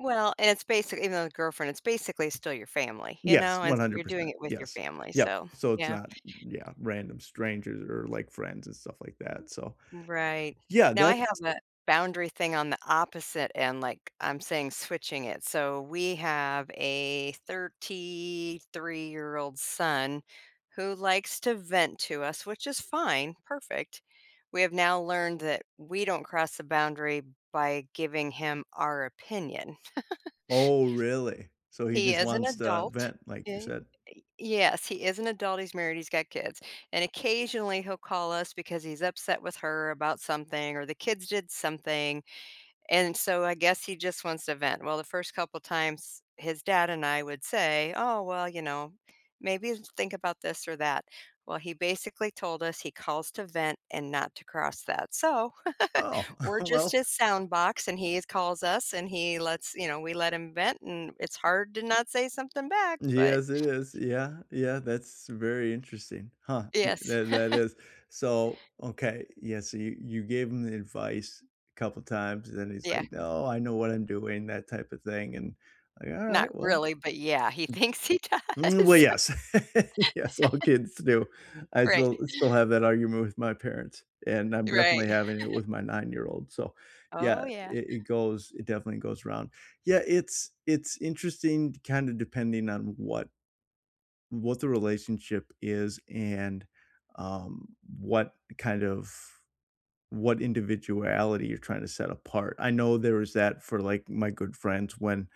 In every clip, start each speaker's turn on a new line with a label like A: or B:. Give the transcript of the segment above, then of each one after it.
A: Well, and it's basic even though the girlfriend, it's basically still your family, you
B: Yes,
A: know, and
B: one
A: so
B: hundred
A: you're doing
B: percent,
A: it with your
B: yes,
A: family,
B: yep,
A: so
B: so it's
A: yeah.
B: not, y yeah, random strangers or, like, friends and stuff like that, so
A: Right.
B: Yeah,
A: Now I have
B: that's
A: a boundary thing on the opposite end, like, I'm saying switching it. So, we have a thirty-three-year-old son who likes to vent to us, which is fine, perfect. We have now learned that we don't cross a boundary by giving him our opinion.
B: Oh, really? So he
A: He
B: just
A: is an
B: wants to
A: adult,
B: vent, like you
A: ye
B: said?
A: Y yes, he is an adult, he's married, he's got kids, and occasionally he'll call us because he's upset with her about something or the kids did something, and so I guess he just wants to vent. Well, the first couple times, his dad and I would say, "Oh, well, you know, maybe think about this or that." Well, he basically told us he "calls to vent and not to cross that," so
B: Oh,
A: We're just
B: well
A: his sound box, and he is calls us, and he lets you know, we let him vent, and it's hard to not say something back, but
B: Yes, it is, yeah, yeah, that's very interesting, huh, y
A: Yes.
B: tha that is. So, okay, yes, so you you gave him the advice couple times, and then he's
A: Yeah.
B: like, "Oh, I know what I'm doing," that type of thing, and like,
A: Not
B: "Alright, well"
A: really, but, yeah, he thinks he
B: Mm, well,
A: does.
B: yes, yes, all kids do. I
A: Right.
B: still still have that argument with my parents, and I'm
A: Right.
B: definitely having it with my nine-year-old, so yeah,
A: Oh,
B: i
A: yeah.
B: it goes it definitely goes around. Yeah, it's it's interesting kinda depending on what what the relationship is and, um, what kind of what individuality you're trying to set apart. I know there is that for, like, my good friends when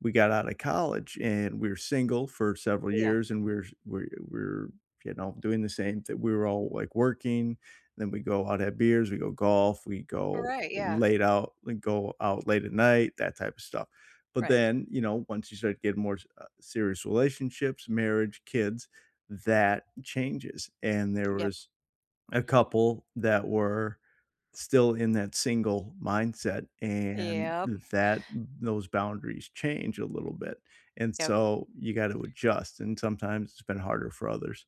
B: we got outta college, and we were single for several
A: Yeah.
B: years, and we're we're we're, you know, doing the same thin we were all, like, working, then we go out, have beers, we go golf, we go
A: Alright, yeah.
B: late out and go out late at night, that type of stuff. But
A: Right.
B: then, you know, once you start getting more s uh, serious relationships, marriage, kids, that changes. And there
A: Yep.
B: was a couple that were still in that single mindset, and
A: Yep.
B: that those boundaries change a little bit, and
A: Yep.
B: so you got to adjust, and sometimes it's been harder for others.